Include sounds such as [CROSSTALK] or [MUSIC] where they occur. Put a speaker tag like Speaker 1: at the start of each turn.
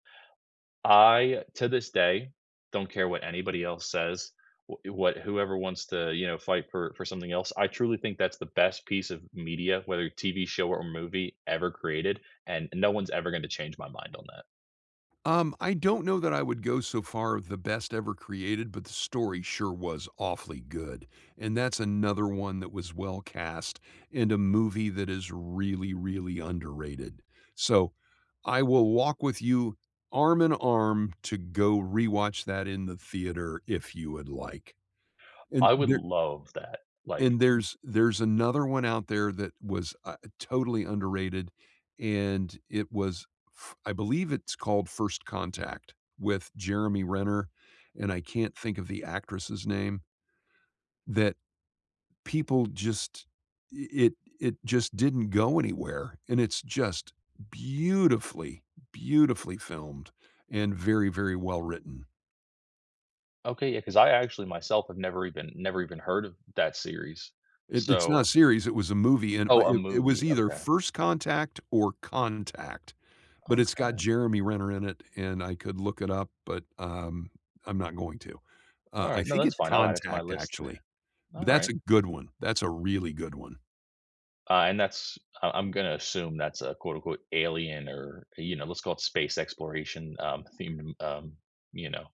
Speaker 1: I, to this day, don't care what anybody else says, wha you what whoever wants to, you know, fight for for something else, I truly think that's the best piece of media, whether TV show or movie ever created, and no one's ever gonna change my mind on that.
Speaker 2: Um, I don't know that I would go so far with the best ever created, but the story sure was awfully good, and that's another one that was well cast in a movie that is really, really underrated; so, I will walk with you arm and arm to go rewatch that in the theater if you would like, and
Speaker 1: I would
Speaker 2: there
Speaker 1: love that, like
Speaker 2: and there's there's another one out there that was, uh, totally underrated, and it was, f I believe it's called First Contact with Jeremy Renner, and I can't think of the actress' name that people just i i it just didn't go anywhere, and it's just beautifully, beautifully filmed and very, very well written.
Speaker 1: Okay, yeah, 'cause I actually myself have never even never even heard of that series,
Speaker 2: It It's not a
Speaker 1: so
Speaker 2: series, it was a movie, and my
Speaker 1: Oh, a
Speaker 2: it it was
Speaker 1: movie,
Speaker 2: either
Speaker 1: okay.
Speaker 2: First Contact or Contact, but it's got
Speaker 1: Okay.
Speaker 2: Jeremy Renner in it, and I could look it up, but, um, I'm not going to. Uh, I
Speaker 1: Alright. No,
Speaker 2: think
Speaker 1: that's
Speaker 2: it's
Speaker 1: fine. I'll add it to my
Speaker 2: Contact
Speaker 1: list
Speaker 2: actually,
Speaker 1: [CHUCKLES]
Speaker 2: but that's
Speaker 1: alright.
Speaker 2: a good one, that's a really good one.
Speaker 1: Uh, and that's I I'm gonna assume that's a quote unquote, "alien" or, you know, let's call it space exploration, um, themed, um, you know.